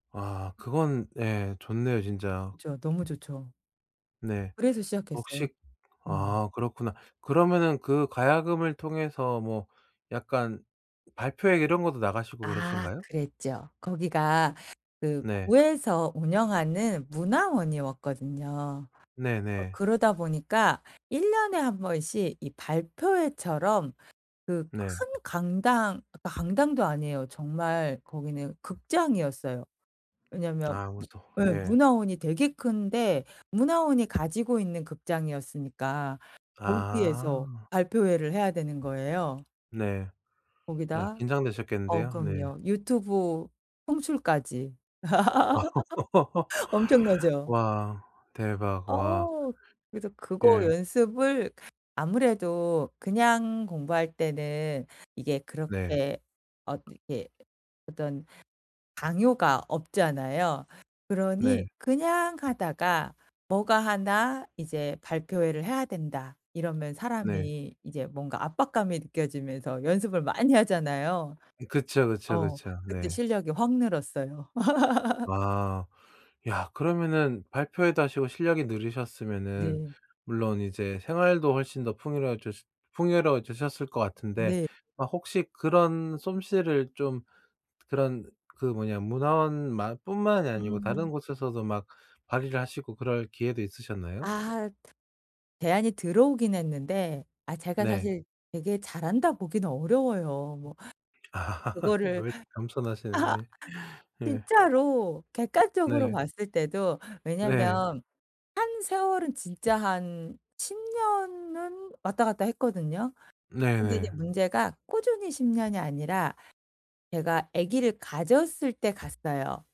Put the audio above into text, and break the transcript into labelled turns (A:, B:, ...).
A: 아 그건 예 좋네요 진짜.
B: 그쵸. 너무 좋죠.
A: 네.
B: 그래서 시작했어요.
A: 혹시
B: 음.
A: 아 그렇구나. 그러면은 그 가야금을 통해서 뭐 약간 발표회 이런 거도 나가시고
B: 아
A: 그러신가요?
B: 그랬죠. 거기가 그
A: 네.
B: 구에서 운영하는 문화원이었거든요. 어
A: 네네.
B: 그러다 보니까 1 년에 1 번씩 이 발표회처럼 그
A: 네.
B: 큰 강당 그 강당도 아니에요. 정말 거기는 극장이었어요. 왜냐면
A: 아 웃어
B: 무 예
A: 예.
B: 문화원이 되게 큰데 문화원이 가지고 있는 극장이었으니까 거기에서
A: 아.
B: 발표회를 해야 되는 거예요.
A: 네. 야
B: 거기다 어
A: 긴장되셨겠는데요? 네.
B: 그럼요 유튜브 송출까지. 엄청나죠?
A: 와. 대박. 와.
B: 어. 그래서 그거
A: 예.
B: 연습을 아무래도 그냥 공부할 때는 이게
A: 네.
B: 그렇게 어떻게 어떤 강요가 없잖아요. 그러니
A: 네.
B: 그냥 하다가 뭐가 1 '이제 발표회를 해야 된다.' 이러면
A: 네.
B: 사람이 이제 뭔가 압박감이 느껴지면서 연습을 많이 하잖아요.
A: 이 그쵸, 그쵸,
B: 어.
A: 그쵸.
B: 그때
A: 네.
B: 실력이 확 늘었어요.
A: 아. 야 그러면은 발표회도 하시고 실력이 늘으셨으면은
B: 네.
A: 물론 이제 생활도 훨씬 더 풍요로워졌으 풍요로워지셨을 것 같은데
B: 네.
A: 아 혹시 그런 솜씨를 좀 그런 그 뭐냐 문화원만 뿐만이 아니고 다른
B: 음.
A: 곳에서도 막 발휘를 하시고 그럴 기회도 있으셨나요?
B: 아 제안이 들어오긴 했는데 아 제가
A: 네.
B: 사실 되게 잘한다 보기는 어려워요 뭐. 그거를
A: 왜 또 겸손하시네. 네. 예.
B: 진짜로 객관적으로
A: 네.
B: 봤을 때도
A: 네.
B: 왜냐면 한 세월은 진짜 한 10 년은 왔다 갔다 했거든요. 근데 이제
A: 네네.
B: 문제가 꾸준히 10 년이 아니라 제가 아기를 가졌을 때 갔어요.